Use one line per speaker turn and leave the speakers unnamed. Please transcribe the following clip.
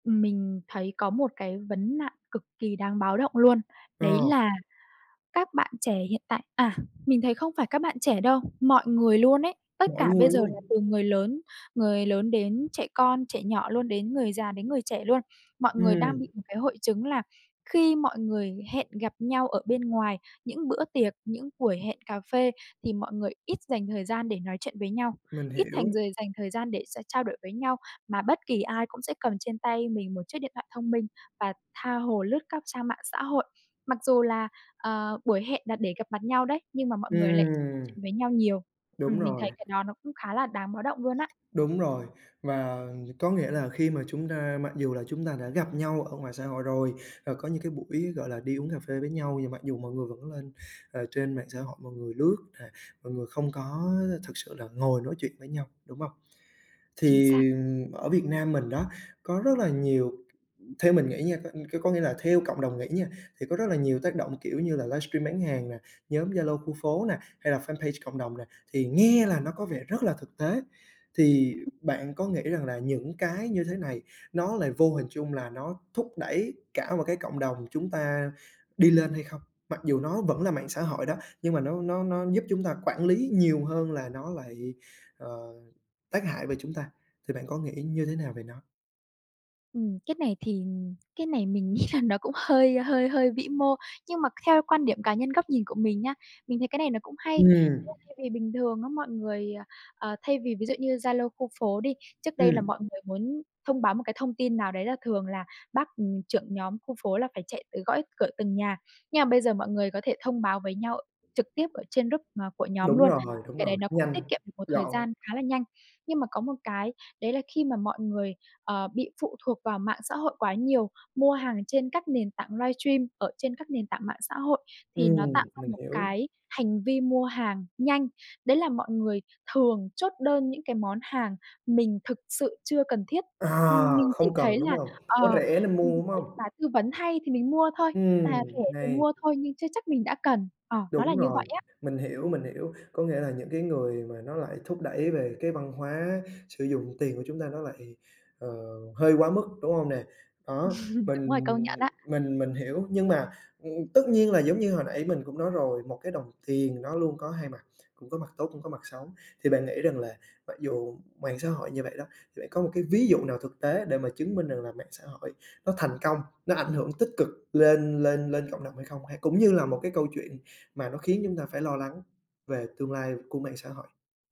Ừm, mình thấy có một cái vấn nạn cực kỳ đáng báo động luôn. Đấy
Ờ.
là các bạn trẻ hiện tại à, mình thấy không phải các bạn trẻ đâu, mọi người luôn ấy, tất
Mọi
cả bây
người
giờ là
luôn!
từ người lớn người lớn đến trẻ con, trẻ nhỏ luôn, đến người già đến người trẻ luôn, mọi người đang bị
Ừm.
một cái hội chứng là khi mọi người hẹn gặp nhau ở bên ngoài, những bữa tiệc, những buổi hẹn cà phê thì mọi người ít dành thời gian để nói chuyện với nhau,
Mình
ít
hiểu.
thành giời dành thời gian để s trao đổi với nhau. Mà bất kỳ ai cũng sẽ cầm trên tay mình một chiếc điện thoại thông minh và tha hồ lướt các trang mạng xã hội. Mặc dù là, ờ, buổi hẹn là để gặp mặt nhau đấy, nhưng mà mọi người lại [unintelligible]
Ừm.
chuyện với nhau nhiều.
Đúng
Ừm, mình
rồi.
thấy cái đó nó cũng khá là đáng báo động luôn á.
Đúng rồi. Và có nghĩa là khi mà chúng ta mặc dù là chúng ta đã gặp nhau ở ngoài xã hội rồi và có những cái buổi, gọi là, đi uống cà phê với nhau và mặc dù mọi người vẫn lên, ờ, trên mạng xã hội, mọi người lướt nè, mọi người không có, ơ, thực sự là ngồi nói chuyện với nhau, đúng hông?
Chính xác.
Thì ở Việt Nam mình đó, có rất là nhiều ừm, theo mình nghĩ nha, c có có nghĩa là theo cộng đồng nghĩ nha, thì có rất là nhiều tác động kiểu như là livestream bán hàng nè, nhóm Zalo khu phố nè, hay là fanpage cộng đồng nè, thì nghe là nó có vẻ rất là thực tế, thì bạn có nghĩ rằng là những cái như thế này nó lại vô hình trung là nó thúc đẩy cả một cái cộng đồng chúng ta đi lên hay không? Mặc dù nó vẫn là mạng xã hội đó, nhưng mà nó nó nó giúp chúng ta quản lý nhiều hơn là nó lại, ờ, tác hại về chúng ta, thì bạn có nghĩ như thế nào về nó?
Ừm, cái này thì, ừm, cái này mình nghĩ là nó cũng hơi, ơ, hơi hơi vĩ mô, nhưng mà theo quan điểm cá nhân góc nhìn của mình nha, mình thấy cái này nó cũng hay.
Ừm.
[unintelligible] Thay vì bình thường á mọi người, ờ, ờ, thay vì ví dụ như Zalo khu phố đi, trước đây là
Ừm.
mọi người muốn thông báo một cái thông tin nào đấy là thường là bác, ừm, trưởng nhóm khu phố là phải chạy tới gõ cửa từng nhà, nhưng mà bây giờ mọi người có thể thông báo với nhau trực tiếp ở trên group mà của nhóm
Đúng
luôn,
rồi, đúng
cái
rồi.
đấy nó cũng
Nhanh,
tiết kiệm được một thời
gọn.
gian khá là nhanh. Nhưng mà có một cái đấy là khi mà mọi người, ờ, bị phụ thuộc vào mạng xã hội quá nhiều, mua hàng trên các nền tảng livestream ở trên các nền tảng mạng xã hội thì nó
Ừm,
tạo ra
mình
một
hiểu.
cái hành vi mua hàng nhanh, đấy là mọi người thường chốt đơn những cái món hàng mình thực sự chưa cần thiết. Ừm,
À,
mình chỉ
không cần,
thấy
đúng
là,
hông? Nó
ờ,
rẻ nên
mình
mua, đúng
thấy
hông?
bài tư vấn hay thì mình mua thôi, à,
Ừm,
rẻ thì
hay.
mua thôi, nhưng chưa chắc mình đã cần. Ờ, nó là
Đúng
như
rồi.
vậy á.
Mình hiểu, mình hiểu. Có nghĩa là những cái người mà nó lại thúc đẩy về cái văn hóa sử dụng tiền của chúng ta nó lại, ờ, hơi quá mức, đúng hông nè? Đó,
Đúng
mình
rồi, công nhận á.
mình mình hiểu. Nhưng mà, ừm, tất nhiên là giống như hồi nãy mình cũng nói rồi, một cái đồng tiền nó luôn có hai mặt, cũng có mặt tốt, cũng có mặt xấu. Thì bạn nghĩ rằng là mặc dù mạng xã hội như vậy đó, thì bạn có một cái ví dụ nào thực tế để mà chứng minh rằng là mạng xã hội nó thành công, nó ảnh hưởng tích cực lên lên lên cộng đồng hay không? Hay cũng như là một cái câu chuyện mà nó khiến chúng ta phải lo lắng về tương lai của mạng xã hội?